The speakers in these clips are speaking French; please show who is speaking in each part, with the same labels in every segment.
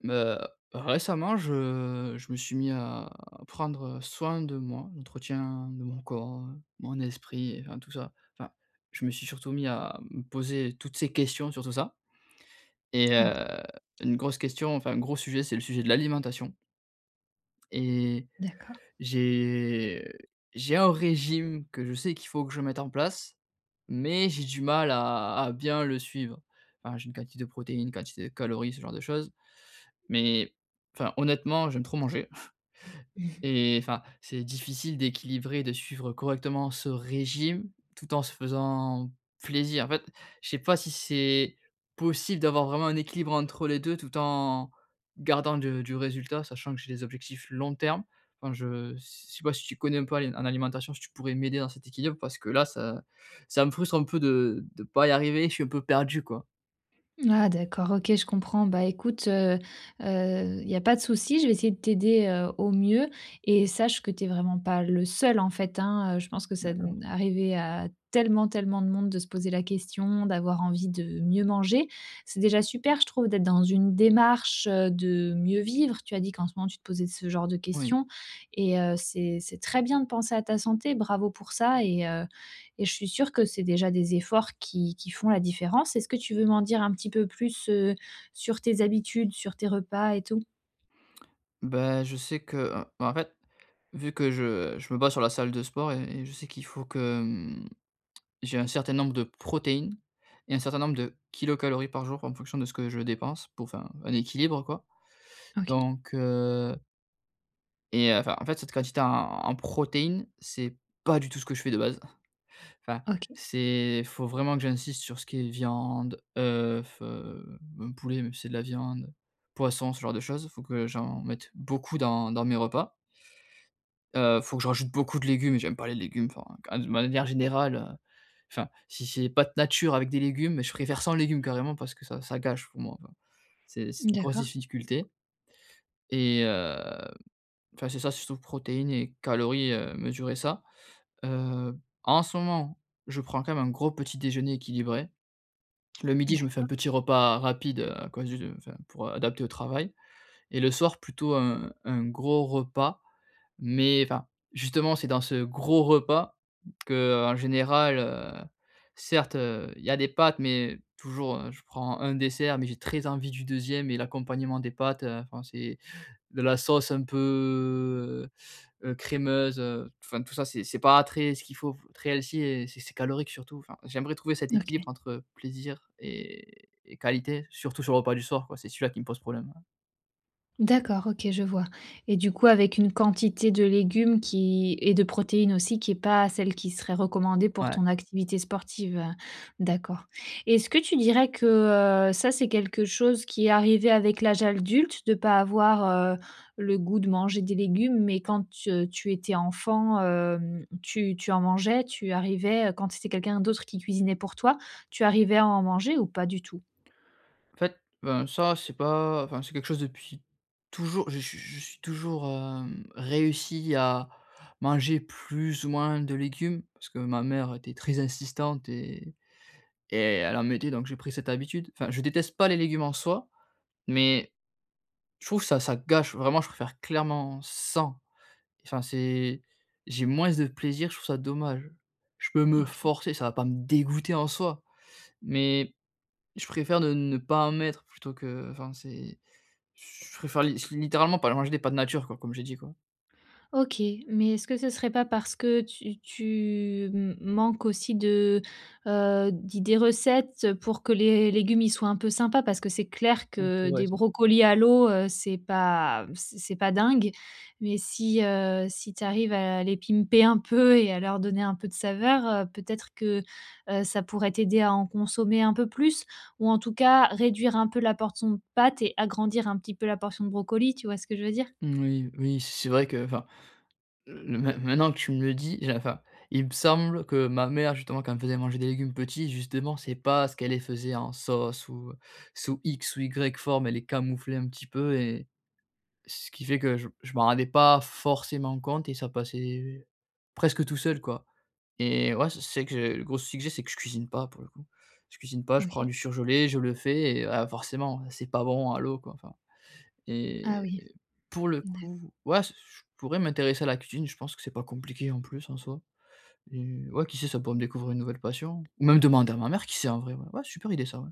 Speaker 1: Mmh. Heu, récemment je je me suis mis à prendre, heu, soin de moi. L'entretien de mon corps, mon esprit enfin tout ça. Enfin, je me suis surtout mis à me poser toutes ces questions sur tout ça. Et
Speaker 2: Mmh
Speaker 1: heu,
Speaker 2: mh.
Speaker 1: une grosse question enfin un gros sujet c'est le sujet de l'alimentation et
Speaker 2: D'accord.
Speaker 1: j'ai j'ai un régime que je sais qu'il faut que je mette en place. Mais j'ai du mal à à bien le suivre. Enfin, j'ai une quantité de protéines, une quantité de calories, ce genre de choses. Mais, enfin honnêtement j'aime trop manger
Speaker 2: Mmh mh.
Speaker 1: et enfin c'est difficile d'équilibrer, de suivre correctement ce régime tout en se faisant plaisir. En fait, je sais pas si c'est possible d'avoir vraiment un équilibre entre les 2 tout en gardant du du résultat. Sachant que j'ai des objectifs long terme. Enfin je s sais pas si tu connais un peu a en alimentation. Si tu pourrais m'aider dans cet équilibre. Parce que là ça ça me frustre un peu de de pas y arriver, je suis un peu perdu quoi.
Speaker 2: Ah, d'accord. OK, je comprends. Bah, écoute, heu, heu, il y a pas de souci je vais essayer de t'aider, heu, au mieux et sache que t'es vraiment pas le seul en fait, hein, heu. Je pense que ça,
Speaker 1: D'accord.
Speaker 2: mmh arriver à tellement tellement de monde de se poser la question, d'avoir envie de mieux manger. C'est déjà super je trouve d'être dans une démarche, heu, de mieux vivre. Tu as dit qu'en ce moment tu te posais ce genre de
Speaker 1: Oui.
Speaker 2: questions. Et heu, c'est c'est très bien de penser à ta santé. Bravo pour ça. Et, heu, et je suis sûr que c'est déjà des efforts qui qui font la différence. Est-ce que tu veux m'en dire un petit peu plus, heu, sur tes habitudes, sur tes repas et tout?
Speaker 1: Bah, je sais que enfin en fait vu que je je me base sur la salle de sport et et je sais qu'il faut que, mmh. J'ai un certain nombre de protéines et un certain nombre de kilocalories par jour en fonction de ce que je dépense pour enfin, un équilibre, quoi.
Speaker 2: OK.
Speaker 1: Donc, heu et, heu, enfin en fait cette quantité en en protéines c'est pas du tout ce que je fais de base. Enfin
Speaker 2: OK.
Speaker 1: c'est faut vraiment que j'insiste sur ce qui est viande, oeuf, heu, même poulet même si c'est de la viande poisson, ce genre de choses. Faut que j'en mette beaucoup dans dans mes repas heu, faut que je rajoute beaucoup de légumes et j'aime pas les légumes. Enfin qu de manière générale, heu, enfin si c'est pâtes natures avec des légumes je préfère sans légumes carrément parce que ça ça gâche pour moi, enfin. C'est c'est une grosse
Speaker 2: D'accord.
Speaker 1: difficulté et heu, enfin c'est ça surtout protéines et calories, heu, mesurer ça. Heu, en ce moment, je prends quand même un gros petit déjeuner équilibré. Le midi, je me fais un
Speaker 2: D'accord.
Speaker 1: petit repas rapide à cause du enfin pour adapter au travail. Et le soir plutôt un un gros repas. Mais enfin justement c'est dans ce gros repas qu'en général, heu certes, heu, il y a des pâtes. Mais, toujours je prends un dessert mais j'ai très envie du 2e et l'accompagnement des pâtes, heu, enfin c'est de la sauce un peu, heu, crémeuse. Enfin tout ça c'est c'est pas très ce qu'il faut très healthy et c'est c'est calorique surtout. Enfin j'aimerais trouver cet
Speaker 2: OK.
Speaker 1: équilibre entre plaisir et et qualité surtout sur le repas du soir quoi c'est celui-là qui me pose problème, heu.
Speaker 2: D'accord, OK je vois. Et du coup, avec une quantité de légumes qui et de protéines aussi, qui est pas celle qui serait recommandée pour
Speaker 1: Ouais.
Speaker 2: ton activité sportive. D'accord. Et est-ce que tu dirais que, heu, ça c'est quelque chose qui est arrivé avec l'âge adulte de pas avoir, heu, le goût de manger des légumes, mais quand t tu étais enfant, hem, tu tu en mangeais? Tu arrivais, heu, quand c'était quelqu'un d'autre qui cuisinait pour toi, tu arrivais à en manger ou pas du tout?
Speaker 1: En fait, ben, ça c'est pas enfin c'est quelque chose depuis toujou je suis je suis toujours, hem, réussi à manger plus ou moins de légumes parce que ma mère était très insistante et et elle en mettait donc j'ai pris cette habitude. Enfin, je déteste pas les légumes en soi, mais je trouve ça ça gâche. Vraiment je préfère clairement sans. Enfin c'est j'ai moins de plaisir, je trouve ça dommage. Je peux me
Speaker 2: OK.
Speaker 1: forcer, ça va pas me dégoûter en soi, mais je préfère ne ne pas en mettre plutôt que enfin c'est j je préfère li littéralement pas manger des pâtes nature quoi, comme j'ai dit quoi.
Speaker 2: OK, mais est-ce que ce serait pas parce que tu tu m manques aussi de, heu d'idées recettes pour que les légumes ils soient un peu sympas parce que c'est clair
Speaker 1: [unintelligible]
Speaker 2: que
Speaker 1: c'est vrai
Speaker 2: des
Speaker 1: ça.
Speaker 2: brocolis à l'eau, heu, c'est pas c c'est c'est pas dingue mais si, heu, si tu arrives à les pimper un peu et à leur donner un peu de saveur, heu, peut-être que, heu, ça pourrait t'aider à en consommer un peu plus? Ou en tout cas, réduire un peu la portion de pâtes et agrandir un petit peu la portion de brocoli. Tu vois ce que je veux dire?
Speaker 1: Oui oui c c'est vrai que enfin main maintenant que tu me le dis, j'ai enfin, il me semble que ma mère justement quand elle me faisait manger des légumes petit justement c'est parce qu'elle faisait en sauce ou sous X ou Y forme elle les camouflait un petit peu et, ce qui fait que je m je m'en rendais pas forcément compte et ça passait presque tout seul quoi et ouais, c c'est vrai que le gros soucis que j'ai, c'est que je cuisine pas pour le coup. Je cuisine pas, je prends
Speaker 2: OK.
Speaker 1: du surgelé, je le fais et heu, ah forcément, heu, c'est pas bon à l'eau quoi. Enfin.
Speaker 2: Ah
Speaker 1: Et
Speaker 2: oui,
Speaker 1: pour le
Speaker 2: d'a
Speaker 1: coup, ouais, s je je pourrais m'intéresser à la cuisine, je pense que c'est pas compliqué en plus en soi. Et ouais, qui sait ça pourrait me découvrir une nouvelle passion, ou même demander à ma mère qui sait en vrai ouais, ouais super idée ça ouais.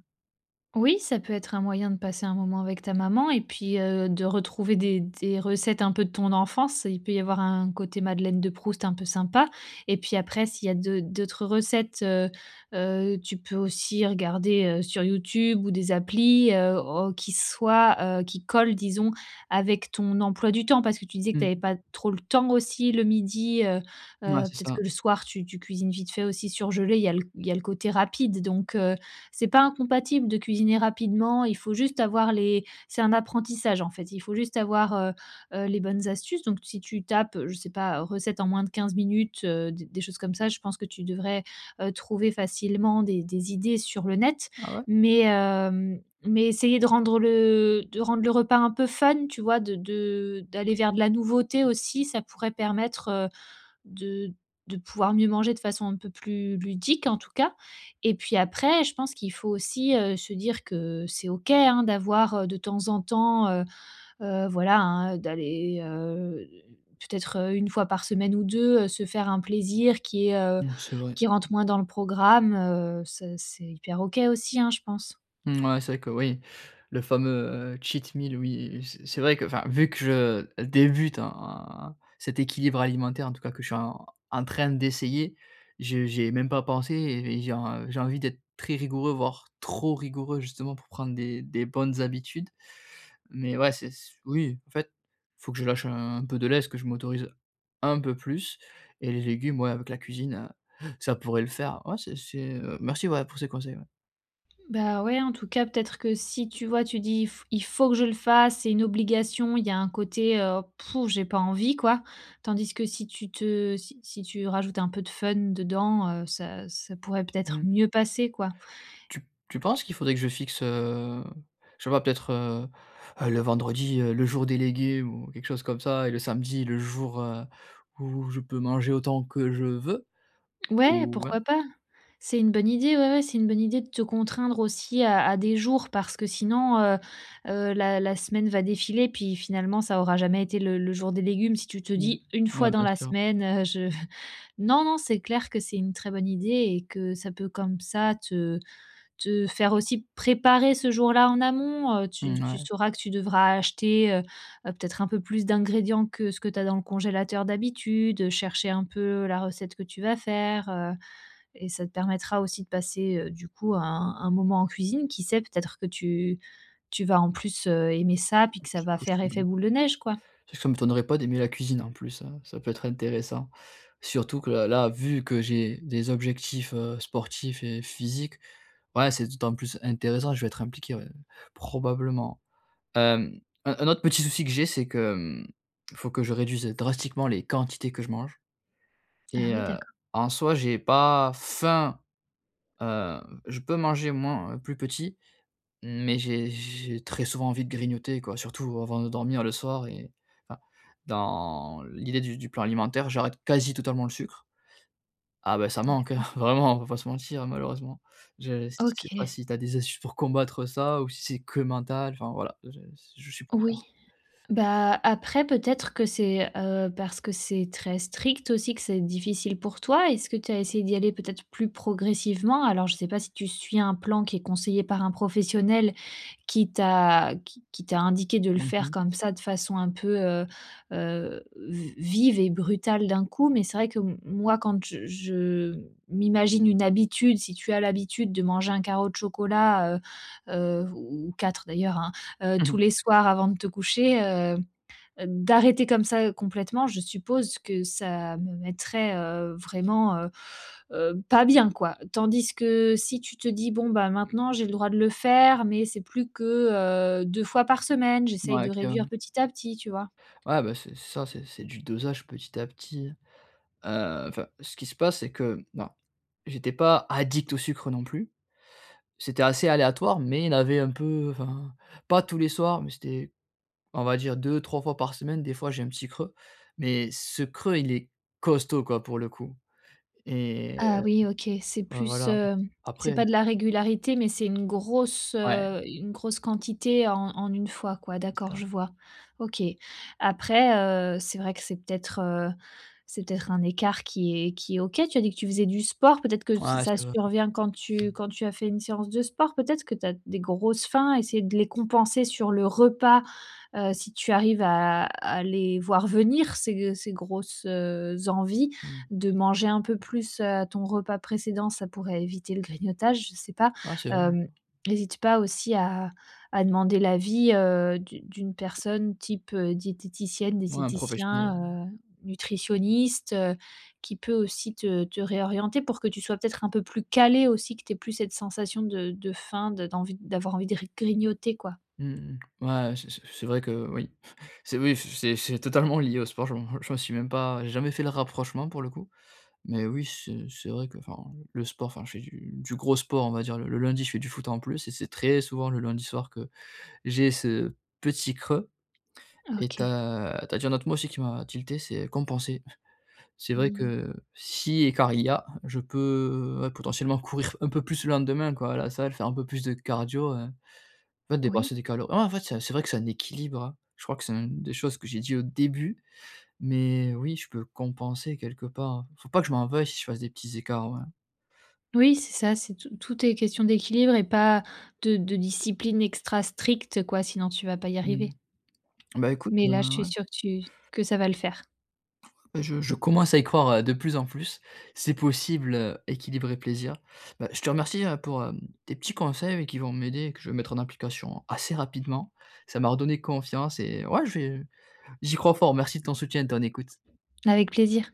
Speaker 2: Oui ça peut être un moyen de passer un moment avec ta maman et puis, heu, de retrouver des des recettes un peu de ton enfance, il peut y avoir un côté madeleine de Proust un peu sympa et puis après s'il y a d'au d'autres recettes, heu, heu, tu peux aussi regarder, heu, sur YouTube ou des applis heu, au qui soient, heu, qui collent disons avec ton emploi du temps parce que tu disais que
Speaker 1: Mmh
Speaker 2: t'avais
Speaker 1: mh.
Speaker 2: pas trop le temps aussi le 12:00, heu, heu,
Speaker 1: Ouais, c'est
Speaker 2: peut-être
Speaker 1: ça.
Speaker 2: que le soir tu tu cuisines vite fait aussi surgelé, il y a l il y a le côté rapide. Donc, heu, c'est pas incompatible de cuisiner rapidement, il faut juste avoir les c'est un apprentissage en fait. Il faut juste avoir, heu, heu, les bonnes astuces donc si tu tapes, je sais pas, heu, recettes en moins de 15 minutes, heu, des des choses comme ça. Je pense que tu devrais, heu, trouver facilement des des idées sur le net.
Speaker 1: Ah ouais?
Speaker 2: Mais, hem, mais essayer de rendre le de rendre le repas un peu fun, tu vois? De de d'aller vers de la nouveauté aussi, ça pourrait permettre, heu, de de pouvoir mieux manger de façon un peu plus ludique en tout cas. Et puis après, je pense qu'il faut aussi, heu, se dire que c'est OK hein, d'avoir de temps en temps, heu, heu, voilà hein, d'aller, heu, peut-être 1 fois par semaine ou 2 heu, se faire un plaisir qui, heu
Speaker 1: Ouais c'est vrai.
Speaker 2: qui rentre moins dans le programme, heu, ça, c'est hyper OK aussi, hein, je pense!
Speaker 1: Mouais, c'est vrai que oui. Le fameux cheat meal oui, c c'est vrai que enfin vu que je débute en cet équilibre alimentaire en tout cas, que je suis en en train d'essayer. J j'y ai même pas pensé et j'ai en j'ai envie d'être très rigoureux ,voire trop rigoureux justement pour prendre des des bonnes habitudes. Mais ouais c'est s oui en fait, faut que je lâche un peu de lest, que je m'autorise un peu plus et les légumes, ouais avec la cuisine, heu, ça pourrait le faire. Ouais, c'est c'est, heu, merci ouais, pour ces conseils, ouais.
Speaker 2: Ben ouais, en tout cas peut-être que si tu vois, tu dis: «F il faut que je le fasse c'est une obligation» il y a un côté, heu: «Pff, j'ai pas envie» quoi. Tandis que si tu te si si tu rajoutes un peu de fun dedans, heu, ça ça pourrait peut-être
Speaker 1: Mmh.
Speaker 2: mieux passer quoi.
Speaker 1: Tu tu penses qu'il faudrait que je fixe, heu, je sais pas peut-être, heu, heu, le vendredi, heu, le jour délégué ou quelque chose comme ça et le samedi le jour, heu, où je peux manger autant que je veux
Speaker 2: Ouais,
Speaker 1: ou ouais?
Speaker 2: pourquoi pas. C'est une bonne idée, ouais, ouais, c'est une bonne idée de te contraindre aussi à à des jours. Parce que sinon, heu, heu, la la semaine va défiler puis finalement ça aura jamais été le le jour des légumes. Si tu te
Speaker 1: Mmh.
Speaker 2: dis une
Speaker 1: Ouais,
Speaker 2: fois dans
Speaker 1: bien
Speaker 2: la
Speaker 1: sûr.
Speaker 2: semaine, heu, je non, non c'est clair que c'est une très bonne idée et que ça peut comme ça te te faire aussi préparer ce jour-là en amont, heu, tu
Speaker 1: N
Speaker 2: tu
Speaker 1: ouais.
Speaker 2: sauras que tu devras acheter, heu, heu, peut-être un peu plus d'ingrédients que ce que tu as dans le congélateur d'habitude, heu, chercher un peu la recette que tu vas faire, heu et ça te permettra aussi de passer, heu, du coup un un moment en cuisine, qui sait peut-être que tu tu vas en plus, heu, aimer ça puis
Speaker 1: Oui,
Speaker 2: que ça
Speaker 1: c'est
Speaker 2: va faire
Speaker 1: possible,
Speaker 2: effet
Speaker 1: hein.
Speaker 2: boule de neige quoi.
Speaker 1: Tu sais, ça m'étonnerait pas d'aimer la cuisine en plus hein, ça peut être intéressant. Surtout que là là vu que j'ai des objectifs, heu, sportifs et physiques. Ouais c'est d'autant plus intéressant, je vais être impliqué ouais, probablement. Hem, un un autre petit souci que j'ai, c'est que, mmh, il faut que je réduise, heu, drastiquement les quantités que je mange
Speaker 2: Ah
Speaker 1: et
Speaker 2: oui
Speaker 1: heu,
Speaker 2: d'accord.
Speaker 1: en soi j'ai pas faim, heu, je peux manger moins plus petit, mais j'ai j'ai très souvent envie de grignoter quoi. Surtout avant de dormir le soir et enfin, dans l'idée du du plan alimentaire, j'arrête quasi totalement le sucre. Ah, beh, ça manque hein,
Speaker 2: D'accord.
Speaker 1: vraiment, on va pas se mentir malheureusement. Je je sais pas
Speaker 2: OK.
Speaker 1: si tu as des astuces pour combattre ça, ou si c'est que mental enfin voilà, je s je suis
Speaker 2: Oui.
Speaker 1: preneur.
Speaker 2: Bah, après peut-être que c'est, heu, parce que c'est très strict aussi, que c'est difficile pour toi. Est-ce que tu as essayé d'y aller peut-être plus progressivement? Alors, je sais pas si tu suis un plan qui est conseillé par un professionnel, qui t'a qui qui qui t'a indiqué de le
Speaker 1: Mmh
Speaker 2: faire
Speaker 1: mh.
Speaker 2: comme ça de façon un peu, heu, heu, v vive et brutale d'un coup, mais c'est vrai que m moi quand j je je m'imagine une habitude, si tu as l'habitude de manger un carreau de chocolat, heu, heu, ou ou 4 d'ailleurs hein, heu, tous
Speaker 1: Mmh.
Speaker 2: les soirs avant de te coucher, heu, d d'arrêter comme ça complètement, je suppose que ça me mettrait, heu, vraiment, heu, heu, pas bien quoi. Tandis que, si tu te dis: «Bon, ben maintenant j'ai le droit de le faire mais c'est plus que, heu, 2 fois par semaine. J'essaye de
Speaker 1: Ouais clairement.
Speaker 2: réduire petit à petit.» tu vois?
Speaker 1: Ouais beh c'est ça c'est c'est du dosage petit à petit hein. Heu, enfin ce qui se passe c'est que, non, j'étais pas addict au sucre non plus, c'était assez aléatoire, mais il avait un peu enfin, pas tous les soirs, mais c'était, on va dire 2-3 fois par semaine. Des fois, j'ai un petit creux, mais ce creux il est costaud quoi, pour le coup et
Speaker 2: Ah
Speaker 1: heu,
Speaker 2: oui OK. C'est
Speaker 1: ouais
Speaker 2: plus,
Speaker 1: voilà.
Speaker 2: hem, c'est
Speaker 1: Après
Speaker 2: pas de la régularité mais c'est une grosse,
Speaker 1: Ouais.
Speaker 2: heu, une grosse quantité en en une fois quoi,
Speaker 1: C'est
Speaker 2: d'accord
Speaker 1: ça.
Speaker 2: je vois. OK. Après, heu, c'est vrai que c'est peut-être, heu, c'est peut-être un écart qui est qui est OK, tu as dit que tu faisais du sport, peut-être que
Speaker 1: Ouais,
Speaker 2: ça ça
Speaker 1: c'est vrai
Speaker 2: survient quand tu quand tu as fait une séance de sport peut-être, que tu as des grosses faim? Essayer de les compenser sur le repas, heu, si tu arrives à à les voir venir ces g ces grosses, heu, envies.
Speaker 1: Mmh
Speaker 2: De manger un peu
Speaker 1: mh.
Speaker 2: plus, heu, ton repas précédent, ça pourrait éviter le grignotage, je sais pas.
Speaker 1: Ah c'est vrai
Speaker 2: Hem,
Speaker 1: maintenant.
Speaker 2: n'hésite pas aussi à à demander l'avis, heu, d'une d'une personne type, heu, diététicienne,
Speaker 1: Ouais, un professionnel ouais.
Speaker 2: diététicien, heu, nutritionniste, heu, qui peut aussi te te réorienter pour que tu sois peut-être un peu plus calé aussi, que tu aies plus cette sensation de de faim, d d'envie, d'avoir envie de gr grignoter quoi.
Speaker 1: Mmh mh. Ouais c c c'est vrai que oui. C'est oui. F c'est c'est totalement lié au sport je m'en je m'en suis même pas j'ai jamais fait le rapprochement pour le coup. Mais oui, c'est c'est vrai que enfin, le sport enfin je fais du du gros sport on va dire le le lundi, je fais du foot en plus et c'est très souvent le lundi soir que j'ai ce petit creux et tu
Speaker 2: OK.
Speaker 1: as tu as dit un autre mot aussi qui m'a tilté, c'est compenser. C'est vrai
Speaker 2: Mmh mh.
Speaker 1: que, si écart il y a, je peux, ouais, potentiellement courir un peu plus le lendemain quoi là ça va le faire, un peu plus de cardio, heu. En fait
Speaker 2: Oui.
Speaker 1: dépenser des calor ouais en fait, c'est un c'est vrai que c'est un équilibre, hein. Je crois que c'est une des choses que j'ai dit au début. Mais oui, je peux compenser quelque part. Faut pas que je m'en veuille si je fasse des petits écarts, ouais.
Speaker 2: Oui c'est ça, c'est tout tout est question d'équilibre et pas de de discipline extra stricte quoi. Sinon, tu vas pas y arriver.
Speaker 1: Mmh. Ben écoute
Speaker 2: Mais
Speaker 1: heu,
Speaker 2: là, je suis
Speaker 1: ouais.
Speaker 2: sûre que tu que ça va le faire.
Speaker 1: Beh je je commence à y croire ouais, de plus en plus, c'est possible heu, équilibre et plaisir. Ben, je te remercie hein, pour hem, tes petits conseils qui vont m'aider, que je vais mettre en application assez rapidement. Ça m'a redonné confiance et ouais je vais, heu, j'y crois fort. Merci de ton soutien et de ton écoute.
Speaker 2: Avec plaisir.